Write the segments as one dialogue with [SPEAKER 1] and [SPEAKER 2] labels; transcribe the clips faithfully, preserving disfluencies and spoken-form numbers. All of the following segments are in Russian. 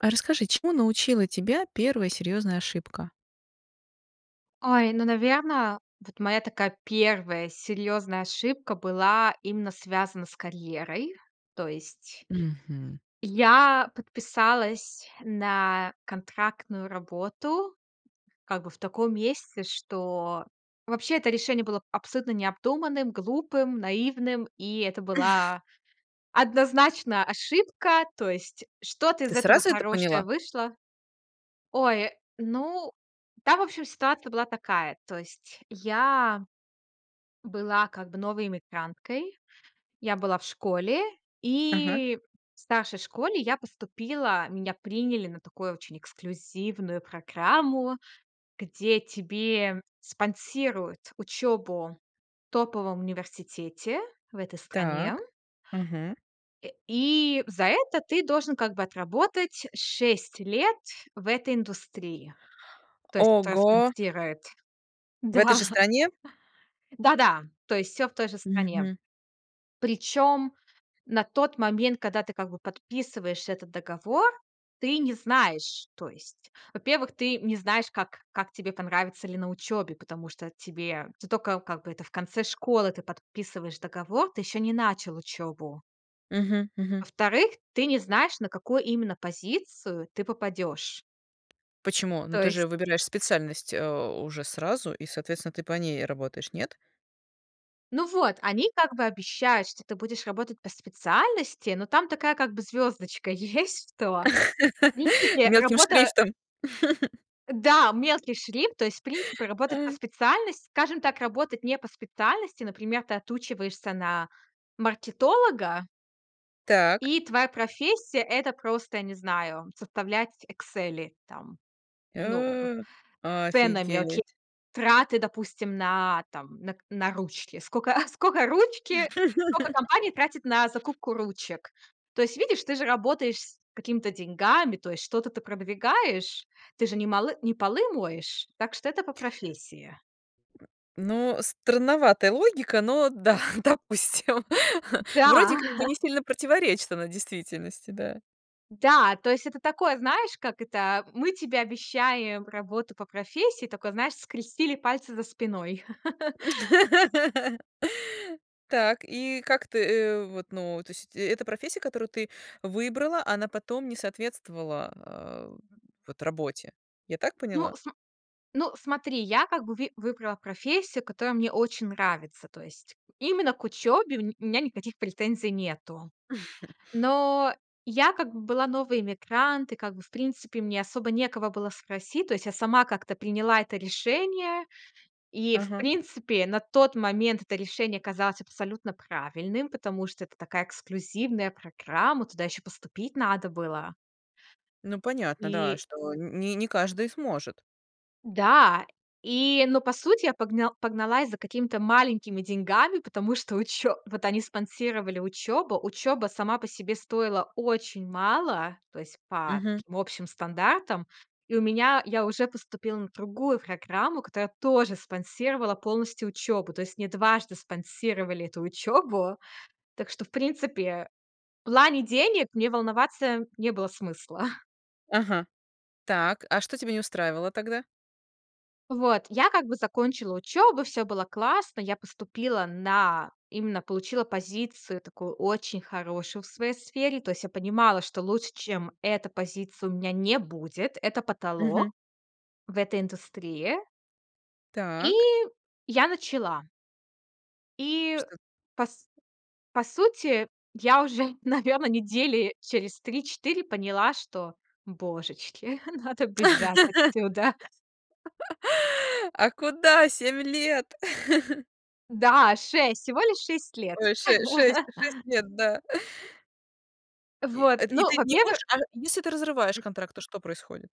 [SPEAKER 1] А, расскажи, чему научила тебя первая серьёзная ошибка?
[SPEAKER 2] Ой, ну, наверно, вот моя такая первая серьёзная ошибка была именно связана с карьерой. То есть
[SPEAKER 1] Мгм.
[SPEAKER 2] я подписалась на контрактную работу как бы в таком месте, что вообще это решение было абсолютно необдуманным, глупым, наивным, и это была однозначно ошибка. То есть что-то
[SPEAKER 1] Ты
[SPEAKER 2] из этого
[SPEAKER 1] сразу это
[SPEAKER 2] хорошее
[SPEAKER 1] поняла?
[SPEAKER 2] вышло Ой, ну, там, в общем, ситуация была такая. То есть я была как бы новой эмигранткой. Я была в школе,
[SPEAKER 1] Ага.
[SPEAKER 2] и в старшей школе я поступила, меня приняли на такую очень эксклюзивную программу, где тебе спонсируют учёбу в топовом университете в этой стране.
[SPEAKER 1] Так, мгм.
[SPEAKER 2] Э, и за это ты должен как бы отработать шесть лет в этой индустрии. То есть кто
[SPEAKER 1] Ого.
[SPEAKER 2] спонсирует.
[SPEAKER 1] В этой
[SPEAKER 2] Да.
[SPEAKER 1] же стране?
[SPEAKER 2] Да-да, то есть всё в той же стране.
[SPEAKER 1] Мгм.
[SPEAKER 2] Причём на тот момент, когда ты, как бы, подписываешь этот договор, ты не знаешь то есть, во-первых, ты не знаешь, как как тебе понравится ли на учёбе, потому что тебе ты тока, как бы, это в конце школы ты подписываешь договор, ты ещё не начал учёбу.
[SPEAKER 1] Мгм, мгм.
[SPEAKER 2] Во-вторых, ты не знаешь, на какую именно позицию ты попадёшь.
[SPEAKER 1] Почему? Ну,
[SPEAKER 2] То
[SPEAKER 1] ты
[SPEAKER 2] есть
[SPEAKER 1] же выбираешь специальность, а, уже сразу и, соответственно, ты по ней работаешь, нет?
[SPEAKER 2] Ну вот, они как бы обещают, что ты будешь работать по специальности, но там такая, как бы, звёздочка есть, что в принципе,
[SPEAKER 1] Мелким
[SPEAKER 2] работа
[SPEAKER 1] шрифтом.
[SPEAKER 2] Да, мелкий шрифт, то есть, в принципе, работать по
[SPEAKER 1] А.
[SPEAKER 2] специальности скажем так, работать не по специальности. Например, ты отучиваешься на маркетолога
[SPEAKER 1] Так.
[SPEAKER 2] и твоя профессия- это просто, я не знаю, составлять "Эксели", там, ну, м,
[SPEAKER 1] Э,
[SPEAKER 2] с ценами, окей,
[SPEAKER 1] офигеть!
[SPEAKER 2] траты, допустим, на, там, на к на ручки. Скока скока ручки, скока компания тратит на закупку ручек. То есть, видишь, ты же работаешь с какими-то деньгами, то есть что-то ты продвигаешь, ты же не молы не полы моешь. Так что это по профессии.
[SPEAKER 1] Ну, странноватая логика, но да, допустим. Вроде
[SPEAKER 2] Да.
[SPEAKER 1] как бы не сильно противоречит она действительности, да.
[SPEAKER 2] Да, то есть это такое, знаешь, как это, мы тебе обещаем работу по профессии, тока, знаешь, скрестили пальцы за спиной.
[SPEAKER 1] Так. И как ты, э, вот, ну, то есть эт эта профессия, которую ты выбрала, она потом не соответствовала, а, вот работе, я так
[SPEAKER 2] Ну,
[SPEAKER 1] поняла?
[SPEAKER 2] см ну, смотри, я как бы ви выбрала профессию, которая мне очень нравится. То есть именно к учёбе у ме у меня никаких претензий нету. Но я как бы была новый эмигрант, и как бы, в принципе, мне особо некого было спросить. То есть я сама как-то приняла это решение. И, в
[SPEAKER 1] Ага.
[SPEAKER 2] принципе, на тот момент это решение казалось абсолютно правильным, потому что это такая эксклюзивная программа, туда ещё поступить надо было.
[SPEAKER 1] Ну, понятно, да,
[SPEAKER 2] И
[SPEAKER 1] что не не каждый сможет.
[SPEAKER 2] Да, и но, по сути, я погна погналась за какими-то маленькими деньгами, потому что учё вот они спонсировали учёбу. Учёба сама по себе стоила очень мало, то есть по
[SPEAKER 1] Мгм.
[SPEAKER 2] таким общим стандартам. И у меня я уже поступила на другую программу, которая тоже спонсировала полностью учёбу. То есть мне дважды спонсировали эту учёбу. Так что, в принципе, в плане денег мне волноваться не было смысла.
[SPEAKER 1] Ага. Так, а что тебя не устраивало тогда?
[SPEAKER 2] Вот, я как бы закончила учёбу, всё было классно. Я поступила на именно получила позицию такую очень хорошую в своей сфере. То есть я понимала, что лучше, чем эта позиция, у меня не будет, это
[SPEAKER 1] Мгм.
[SPEAKER 2] потолок в этой индустрии. И
[SPEAKER 1] Так.
[SPEAKER 2] я начала. И
[SPEAKER 1] Что
[SPEAKER 2] по с по сути, я уже, наверно, недели через три четыре поняла, что, божечки, надо бежать отсюда.
[SPEAKER 1] А куда семь лет?
[SPEAKER 2] Да, шесть, всего лишь шесть лет.
[SPEAKER 1] Ой, ше шесть шесть лет, да. И,
[SPEAKER 2] Вот,
[SPEAKER 1] а, и
[SPEAKER 2] ну,
[SPEAKER 1] ты
[SPEAKER 2] вот
[SPEAKER 1] не
[SPEAKER 2] мне бы
[SPEAKER 1] можешь а если ты разрываешь контракты, что происходит?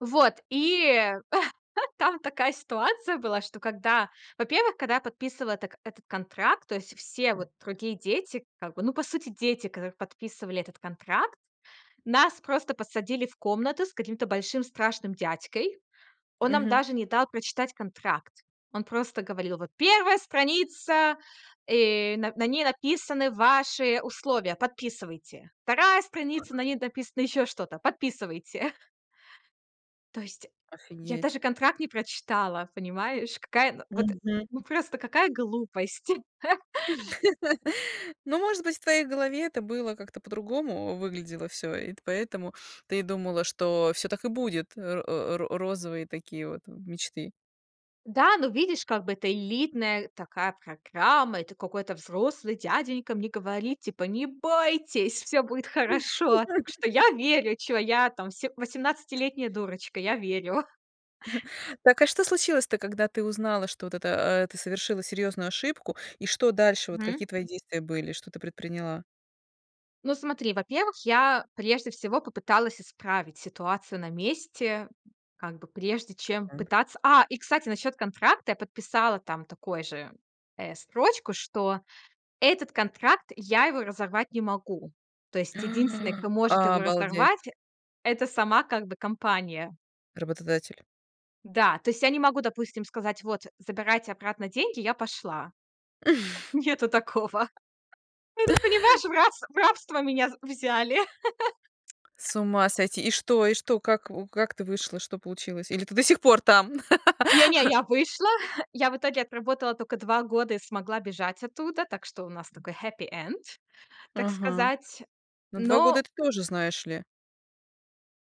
[SPEAKER 2] Вот и там такая ситуация была, что когда Во-первых, когда я подписывала это этот контракт, то есть все вот другие дети, как бы, ну, по сути, дети, которые подписывали этот контракт. Нас просто посадили в комнату с каким-то большим страшным дядькой. Он нам
[SPEAKER 1] Мгм.
[SPEAKER 2] даже не дал прочитать контракт. Он просто говорил: "Вот первая страница, э, на на ней написаны ваши условия, подписывайте. вторая страница, на ней написано ещё что-то. Подписывайте". То есть я
[SPEAKER 1] Офигеть!
[SPEAKER 2] даже контракт не прочитала, понимаешь? Какая на вот,
[SPEAKER 1] Мгм, м.
[SPEAKER 2] ну, просто какая глупость.
[SPEAKER 1] Но, может быть, в твоей голове это было как-то по-другому, выглядело всё, и ты поэтому ты думала, что всё так и будет, э, ро э, ро розовые такие вот, э, мечты.
[SPEAKER 2] Да, ну, видишь, как бы это элитная такая программа. Это какой-то взрослый дяденька мне говорит, типа: "Не бойтесь, всё будет хорошо". Так что я верю, чего я там се восемнадцатилетняя дурочка, я верю.
[SPEAKER 1] Так, а что случилось-то, когда ты узнала, что вот это э, ты совершила серьёзную ошибку, и что дальше, вот
[SPEAKER 2] Мгм.
[SPEAKER 1] какие твои действия были, что ты предприняла?
[SPEAKER 2] Ну, смотри, во-первых, я прежде всего попыталась исправить ситуацию на месте. Как бы прежде чем
[SPEAKER 1] Каким образом?
[SPEAKER 2] пытаться А, и кстати, насчёт контракта я подписала там такой же, э, строчку, что этот контракт я его разорвать не могу. То есть единственный, кто может его
[SPEAKER 1] Обалдеть.
[SPEAKER 2] разорвать- это сама, как бы, компания.
[SPEAKER 1] Работодатель.
[SPEAKER 2] Да, то есть я не могу, допустим, сказать: "Вот, забирайте обратно деньги, я пошла". Нету такого. Это, понимаешь, в рас в рабство меня з взяли.
[SPEAKER 1] С ума сойти. И что и что? Как в как ты вышла? Что получилось? Или ты до сих пор там?
[SPEAKER 2] Не не, я вышла. Я в итоге отработала тока два года и смогла бежать оттуда, так что у нас такой happy end, так
[SPEAKER 1] Ага.
[SPEAKER 2] сказать,
[SPEAKER 1] На два года
[SPEAKER 2] но
[SPEAKER 1] это тоже, знаешь ли.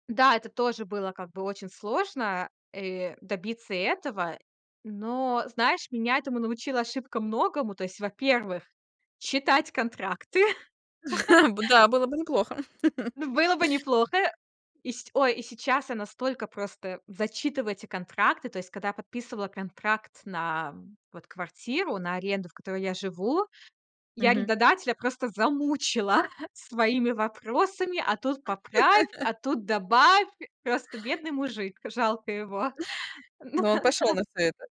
[SPEAKER 2] Да, это тоже было, как бы, очень сложно, э, добиться этого. Но, знаешь, меня этому научила ошибка многому. То есть, во-первых, читать контракты.
[SPEAKER 1] Да, было бы неплохо.
[SPEAKER 2] Н было бы неплохо. И се ой, и сейчас я настолько просто зачитываю эти контракты. То есть, когда я подписывала контракт на, вот, квартиру, на аренду, в которой я живу, я
[SPEAKER 1] Мгм.
[SPEAKER 2] арендодателя просто замучила своими вопросами: "А тут поправь, а тут добавь". Просто бедный мужик, жалко его.
[SPEAKER 1] Но он пошел на всё это?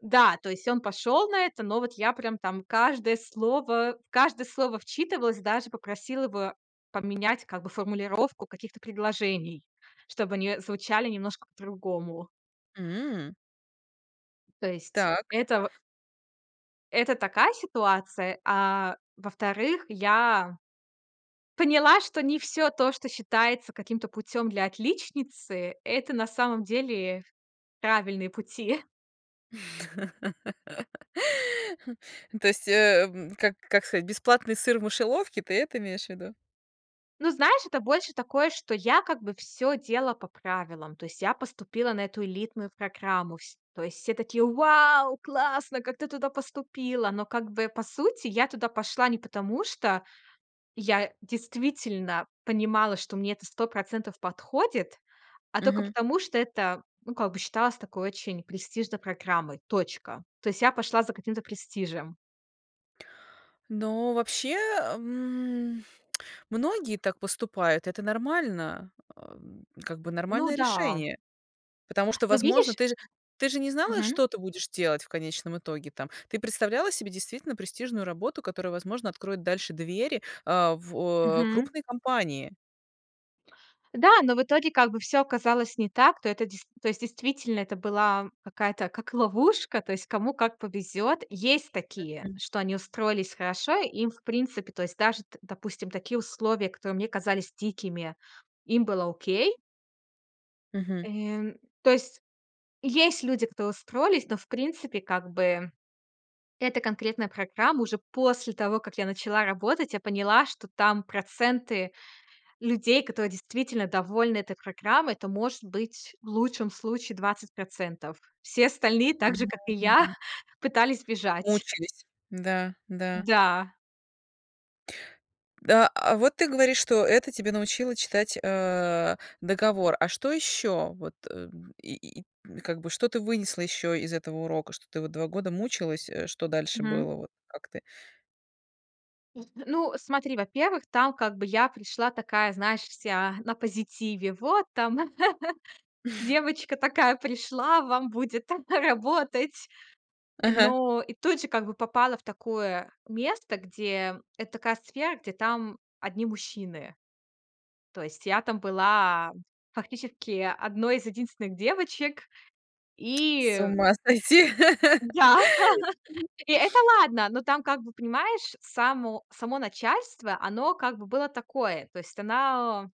[SPEAKER 2] Да, то есть он пошел на это, но вот я прям там каждое слово в каждое слово вчитывалась, даже попросила его поменять, как бы, формулировку каких-то предложений, чтобы они звучали немножко по-другому.
[SPEAKER 1] М.
[SPEAKER 2] То есть
[SPEAKER 1] Так.
[SPEAKER 2] это в это такая ситуация. А во-вторых, я поняла, что не всё то, что считается каким-то путём для отличницы- это на самом деле правильные пути.
[SPEAKER 1] То есть, э, как как сказать, бесплатный сыр в мышеловке, ты это имеешь в виду?
[SPEAKER 2] Ну, знаешь, это больше такое, что я как бы всё делала по правилам. То есть я поступила на эту элитную программу. Вс то есть все такие: "Вау, классно, как ты туда поступила?!" Но как бы по сути я туда пошла не потому, что я действительно понимала, что мне это процентов подходит, а тока
[SPEAKER 1] Мгм.
[SPEAKER 2] потому, что это, ну, как бы считалось такой очень престижной программой, точка. То есть я пошла за каким-то престижем.
[SPEAKER 1] Но вообще, м, многие так поступают. Это нормально а, как бы
[SPEAKER 2] Ну
[SPEAKER 1] нормальное
[SPEAKER 2] да.
[SPEAKER 1] решение. Потому что,
[SPEAKER 2] Ну,
[SPEAKER 1] возможно,
[SPEAKER 2] видишь?
[SPEAKER 1] ты же ты же не знала,
[SPEAKER 2] Мгм.
[SPEAKER 1] что ты будешь делать в конечном итоге, там. Ты представляла себе действительно престижную работу, которая, возможно, откроет дальше двери, а, в
[SPEAKER 2] Мгм.
[SPEAKER 1] крупные компании.
[SPEAKER 2] Да, но в итоге, как бы, всё оказалось не так, то это дес то есть, действительно, это была какая-то как ловушка. То есть, кому как повезёт. Есть такие,
[SPEAKER 1] Мгм.
[SPEAKER 2] что они устроились хорошо. И им, в принципе, то есть, даже, т допустим, такие условия, которые мне казались дикими, им было окей.
[SPEAKER 1] Мгм.
[SPEAKER 2] Э, то есть есть люди, которые устроились, но, в принципе, как бы эта конкретная программа уже после того, как я начала работать, я поняла, что там проценты людей, которые действительно довольны этой программой- это, может быть, в лучшем случае процентов. Все остальные, также,
[SPEAKER 1] Мгм,
[SPEAKER 2] как и я,
[SPEAKER 1] мгм.
[SPEAKER 2] пытались бежать.
[SPEAKER 1] Мучились. Да, да.
[SPEAKER 2] Да.
[SPEAKER 1] А а вот ты говоришь, что это тебя научило читать, э, договор. А что ещё, вот, э, и и, как бы то ты вынесла ещё из этого урока? Что ты вот два года мучилась, э, что дальше
[SPEAKER 2] Мгм.
[SPEAKER 1] было, вот как ты?
[SPEAKER 2] ну, смотри, во-первых, там, как бы, я пришла такая, знаешь, вся на позитиве. Вот там девочка такая пришла вам будет работать.
[SPEAKER 1] Ага.
[SPEAKER 2] Но и тут же, как бы, попала в такое место, где это такая сфера, где там одни мужчины. То есть я там была фактически одной из единственных девочек,
[SPEAKER 1] С
[SPEAKER 2] и
[SPEAKER 1] ума сойти.
[SPEAKER 2] Да. И это ладно, но там, как бы, понимаешь, само само начальство, оно, как бы, было такое, то есть она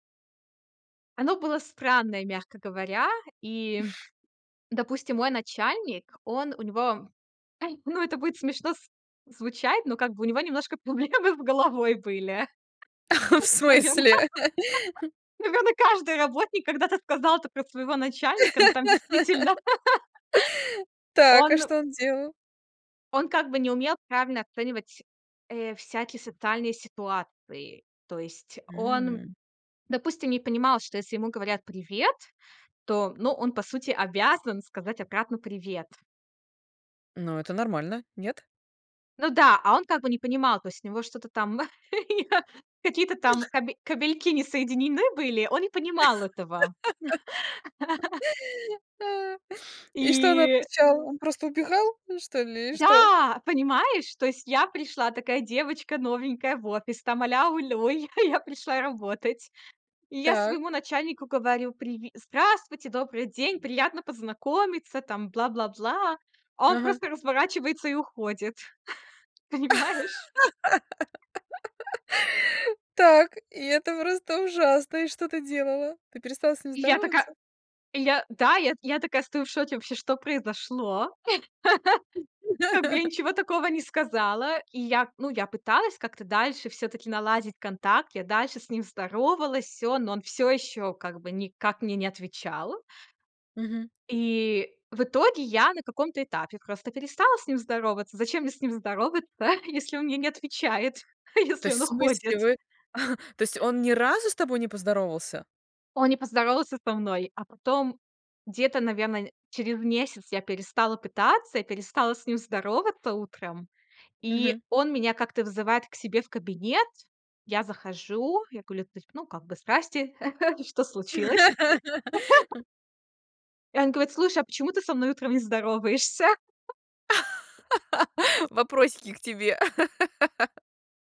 [SPEAKER 2] Оно было странное, мягко говоря. И, допустим, мой начальник, он у него, ай, ну, это будет смешно с звучать, но, как бы, у него немножко проблемы с головой были,
[SPEAKER 1] В
[SPEAKER 2] наверно
[SPEAKER 1] смысле?
[SPEAKER 2] наверно, каждый работник когда-то сказал это про своего начальника, но там действительно
[SPEAKER 1] Так, а
[SPEAKER 2] Он
[SPEAKER 1] что он делал?
[SPEAKER 2] он как бы не умел правильно оценивать, э, всякие социальные ситуации. То есть он,
[SPEAKER 1] М.
[SPEAKER 2] допустим, не понимал, что если ему говорят: "Привет", то, ну, он, по сути, обязан сказать обратно: "Привет".
[SPEAKER 1] Ну, это нормально. Нет?
[SPEAKER 2] Ну да, а он как бы не понимал. То есть у него что-то там, какие-то там кабе кабельки не соединены были, он не понимал этого.
[SPEAKER 1] И что он
[SPEAKER 2] И
[SPEAKER 1] отвечал? Он просто убегал, что ли? Или что?
[SPEAKER 2] Да, понимаешь, то есть я пришла такая девочка новенькая в офис, там аля-улю, я я пришла работать. И я
[SPEAKER 1] Так.
[SPEAKER 2] своему начальнику говорю: "Приви здравствуйте, добрый день, приятно познакомиться, там, бла-бла-бла". А он
[SPEAKER 1] Ага.
[SPEAKER 2] просто разворачивается и уходит, понимаешь?
[SPEAKER 1] Так, и это просто ужасно. И что ты делала? Ты перестала с ним
[SPEAKER 2] И я така
[SPEAKER 1] здороваться?
[SPEAKER 2] и я да, и я я такая стою в шоке вообще, что произошло. Как бы я ничего такого не сказала, и я ну, я пыталась как-то дальше всё-таки наладить контакт. Я дальше с ним здоровалась, всё, но он всё ещё как бы никак мне не отвечал.
[SPEAKER 1] Мгм.
[SPEAKER 2] И в итоге я на каком-то этапе просто перестала с ним здороваться. Зачем мне с ним здороваться, если он мне не отвечает,
[SPEAKER 1] То
[SPEAKER 2] если
[SPEAKER 1] есть,
[SPEAKER 2] он
[SPEAKER 1] в смысле,
[SPEAKER 2] уходит?
[SPEAKER 1] вы то есть он ни разу с тобой не поздоровался?
[SPEAKER 2] Он не поздоровался со мной, а потом где-то, наверно, через месяц я перестала пытаться и перестала с ним здороваться утром, и
[SPEAKER 1] Мгм.
[SPEAKER 2] он меня как-то вызывает к себе в кабинет. Я захожу, я кулю то есть, ну, как бы: "Здрасте, что случилось?" И он говорит: "Слушай, а почему ты со мной утром не здороваешься?"
[SPEAKER 1] Вопросики к тебе.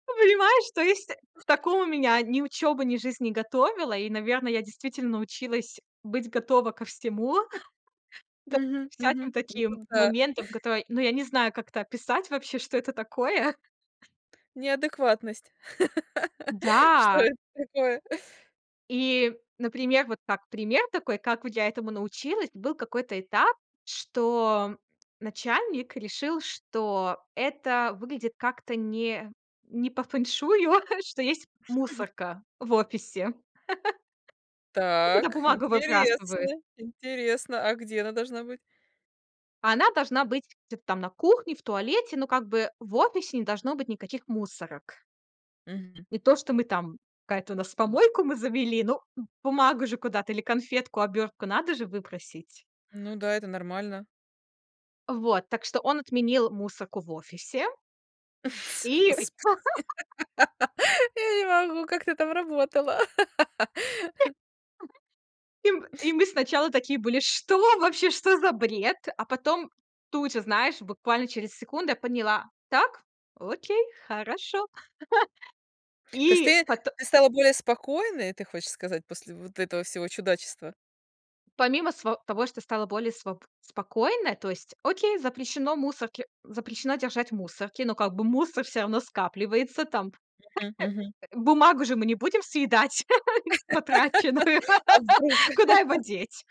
[SPEAKER 2] Ну понимаешь, то есть к такому меня ни учёба, ни жизнь не готовила. И, наверно, я действительно научилась быть готова ко всему. Даже
[SPEAKER 1] Мгм, мгм.
[SPEAKER 2] всяким
[SPEAKER 1] Это
[SPEAKER 2] таким
[SPEAKER 1] да.
[SPEAKER 2] моментам, которые, ну, я не знаю, как это описать вообще, что это такое.
[SPEAKER 1] Неадекватность. Что
[SPEAKER 2] Да.
[SPEAKER 1] это такое?
[SPEAKER 2] И, например, вот так пример такой, как я этому научилась. Был какой-то этап, что, начальник решил, что это выглядит как-то не не по фэншую, что есть
[SPEAKER 1] Мгм.
[SPEAKER 2] мусорка в офисе. И туда
[SPEAKER 1] Так,
[SPEAKER 2] бумагу
[SPEAKER 1] интересно,
[SPEAKER 2] выбрасывают.
[SPEAKER 1] интересно, а где она должна быть?
[SPEAKER 2] Она должна быть где-то там на кухне, в туалете, но, как бы, в офисе не должно быть никаких мусорок.
[SPEAKER 1] Мгм.
[SPEAKER 2] И то, что мы там какая-то у нас, помойку мы завели, ну, б бумагу же куда-то или конфетку, обёртку надо же выбросить.
[SPEAKER 1] Ну да, это нормально.
[SPEAKER 2] Вот, так что он отменил мусорку в офисе. И.
[SPEAKER 1] Господи, я не могу, как ты там работала?
[SPEAKER 2] И мы и мы сначала такие были, что вообще, что за бред?! А потом тут же, знаешь, буквально через секунду я поняла: так, окей, хорошо.
[SPEAKER 1] То есть
[SPEAKER 2] И
[SPEAKER 1] ты
[SPEAKER 2] пот
[SPEAKER 1] ты стала более спокойной, ты хочешь сказать, после вот этого всего чудачества?
[SPEAKER 2] помимо сво того, что стало более сво спокойно, то есть, окей, запрещено мусорки, э, запрещено держать мусорки, но, как бы, мусор всё равно скапливается там, п
[SPEAKER 1] Мгм, мгм.
[SPEAKER 2] э, бумагу же мы не будем съедать потраченную.
[SPEAKER 1] А вдруг?
[SPEAKER 2] Куда его деть?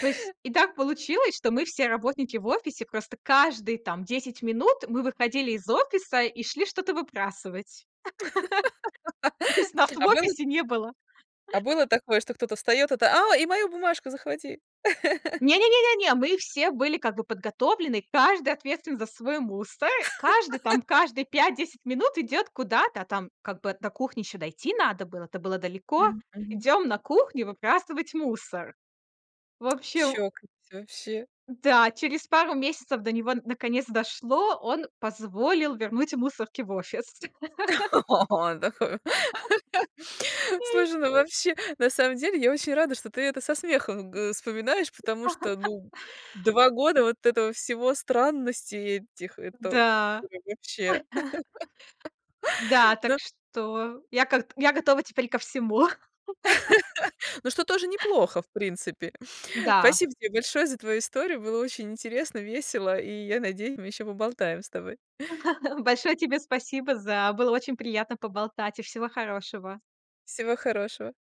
[SPEAKER 2] То есть и так получилось, что мы все работники в офисе, просто каждые, там, десять минут мы выходили из офиса и шли что-то выбрасывать. То есть нас в
[SPEAKER 1] А было
[SPEAKER 2] офисе не было
[SPEAKER 1] а было такое, что кто-то встаёт, это: "О, и мою бумажку захвати".
[SPEAKER 2] Не не не не не, мы все были, как бы, подготовлены. Каждый ответственен за свой мусор. Э, каждый там каждые пять десять минут идёт куда-то, там, как бы до кухни ещё дойти надо было. Это было далеко.
[SPEAKER 1] Мгм, мгм.
[SPEAKER 2] Идём на кухню выбрасывать мусор. В общем
[SPEAKER 1] Чокнуться, вообще.
[SPEAKER 2] Да, через пару месяцев до него д наконец, дошло. Он позволил вернуть мусорки в офис.
[SPEAKER 1] О!
[SPEAKER 2] Ой.
[SPEAKER 1] Слушай, ну, вообще, на самом деле я очень рада, что ты это со смехом г э, вспоминаешь, потому что, ну, э, два года вот этого всего, странностей этих, это,
[SPEAKER 2] М-да.
[SPEAKER 1] ой, вообще.
[SPEAKER 2] Да, так
[SPEAKER 1] Ну.
[SPEAKER 2] что я как-то я готова теперь ко всему.
[SPEAKER 1] Ну, что, тоже неплохо, в принципе.
[SPEAKER 2] Да.
[SPEAKER 1] Спасибо тебе большое за твою историю. Было очень интересно, весело, и я надеюсь, мы ещё поболтаем с тобой.
[SPEAKER 2] Большое тебе спасибо за Было очень приятно поболтать. И всего хорошего.
[SPEAKER 1] Всего хорошего.